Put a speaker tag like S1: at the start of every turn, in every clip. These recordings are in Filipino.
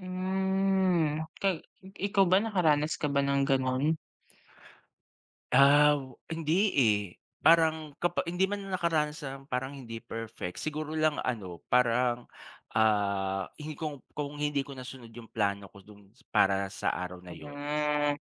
S1: Hmm, ka ikaw ba nakaranas ka ba ng gano'n?
S2: Ah, hindi, eh. Parang kapa hindi man nakaranas ng parang hindi perfect, siguro lang ano, parang, ah, hindi kung kung hindi ko nasunod yung plano ko dun para sa araw na 'yon.
S1: Hmm.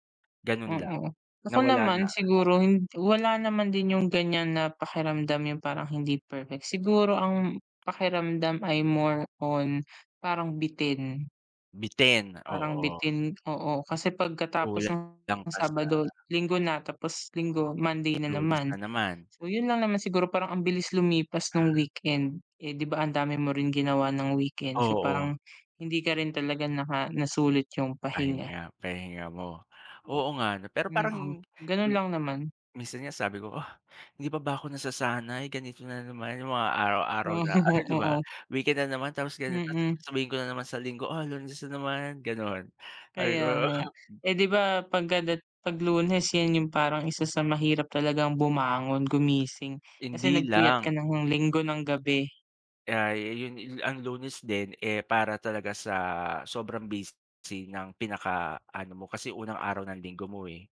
S2: Gano'n lang.
S1: Mm, ako
S2: Nawala na.
S1: naman siguro hi wala naman din yung ganiyan na pakiramdam yung parang hindi perfect, siguro ang pakiramdam ay more on parang bitin.
S2: Bitin,
S1: Parang
S2: oo.
S1: bitin, oo. Kasi
S2: Kula
S1: pagkatapos ng
S2: ng ka sa
S1: Sabado, Linggo na tapos Linggo, Monday na
S2: Lunes
S1: naman.
S2: na naman.
S1: So, 'yon lang naman siguro parang ang bilis lumipas nung weekend. Eh, di ba ang dami mo rin ginawa ng weekend. So,
S2: Oo.
S1: parang hindi ka rin talaga naka nasulit yung pahinga.
S2: Pahinga, pahinga mo. Oo nga, ano? Pero parang hin
S1: Mm, gano'n
S2: lo
S1: lang naman.
S2: minsan nga sabi ko, "Ah, hindi pa ba ako nasasanay ganito na naman yung mga araw-araw
S1: Ah,
S2: na ano, di ba,
S1: oo.
S2: weekend na naman tapos ganito,"
S1: Mm.
S2: sabihin ko na naman sa Linggo, "Ah, Lunes na naman," gano'n. Sabi
S1: Kaya
S2: ko oh
S1: nga. Eh,
S2: gi
S1: di ba pagdada 'pag Lunes, 'yan yung parang 1 sa mahirap talagang bumangon, gumising. Kasi
S2: Hindi
S1: nagpuyat ka
S2: lang.
S1: ng Linggo ng gabi.
S2: Kaya, ah, yun yun ang Lunes din, eh, para talaga sa sobrang busy ng pinakaano mo, kasi unang araw ng Linggo mo, eh.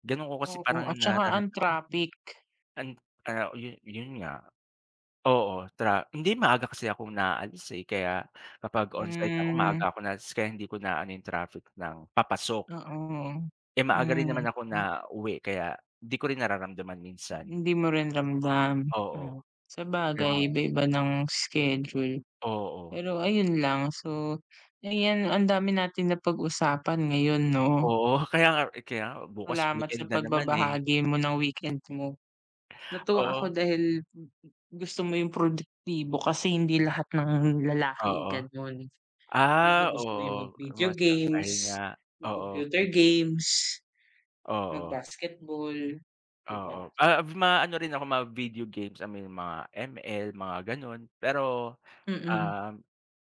S2: Gano'n ko kasi pa [unintelligible]
S1: Oo,
S2: rang
S1: at saka
S2: nararamdaman.
S1: ang traffic.
S2: And, ah, yun, yun nga, oo, tra hindi maaga kasi akong naalis, eh, kaya kapag onsite ako
S1: [unintelligible]
S2: maaga ako naalis kaya hindi ko naano yung traffic ng papasok.
S1: Oo, hmm.
S2: Eh, maaga rin naman ako
S1: Hmm.
S2: nauwi kaya di ko rin nararamdaman minsan.
S1: Hindi mo rin ramdam,
S2: Oo,
S1: ah, sabagay
S2: gano'n.
S1: iba-iba ng schedule.
S2: Oo.
S1: Pero ayun lang. So, ayan, ang dami natin na pag-usapan ngayon, 'no?
S2: Oo, kaya nga kaya nga bukas
S1: Salamat
S2: weekend
S1: sa
S2: na naman eh.
S1: pagbabahagi mo ng weekend mo. Natuwa
S2: Oh.
S1: ako dahil gusto mo yung produktibo kasi hindi lahat ng lalaki
S2: Oo.
S1: gano'n, yung iba
S2: Ah,
S1: gusto yung
S2: oo,
S1: mag-video
S2: mas
S1: games,
S2: pahinga, oo.
S1: mag-computer
S2: Video games.
S1: games,
S2: Oo.
S1: mag-basketball, di ba?
S2: Oo, ah, maano rin ako ma-video games, I mean mga ML, mga gano'n. Pero,
S1: Mm.
S2: ah,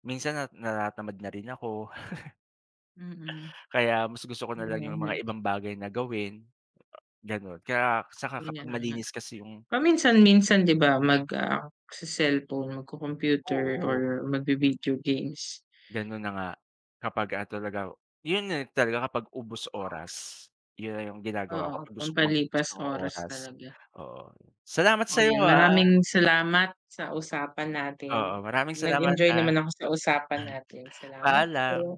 S2: minsan nat natatamad na rin ako.
S1: Mm.
S2: Kaya mas gusto ko nalang yung mga
S1: [unintelligible]
S2: ibang bagay na gawin, gano'n. Kaya tsaka
S1: Kaya
S2: kapag
S1: nga.
S2: malinis kasi yung
S1: Paminsan-minsan di ba, mag, ah, sa cellphone magco-computer or
S2: Oo.
S1: magvi-video games.
S2: Gano'n na nga kapag, ah, talaga o yun nga talaga kapag ubos oras. Yun na yung ginagawa ko
S1: Oo,
S2: kapag gusto kong mag-ubos
S1: pampalipas
S2: ng
S1: oras
S2: oras,
S1: talaga.
S2: oo. Salamat sa'yo,
S1: Ayan,
S2: ah.
S1: maraming salamat sa usapan
S2: Oo,
S1: natin.
S2: maraming salamat,
S1: Nag-enjoy
S2: ah.
S1: naman ako sa usapan natin. Salamat
S2: Paalam.
S1: po.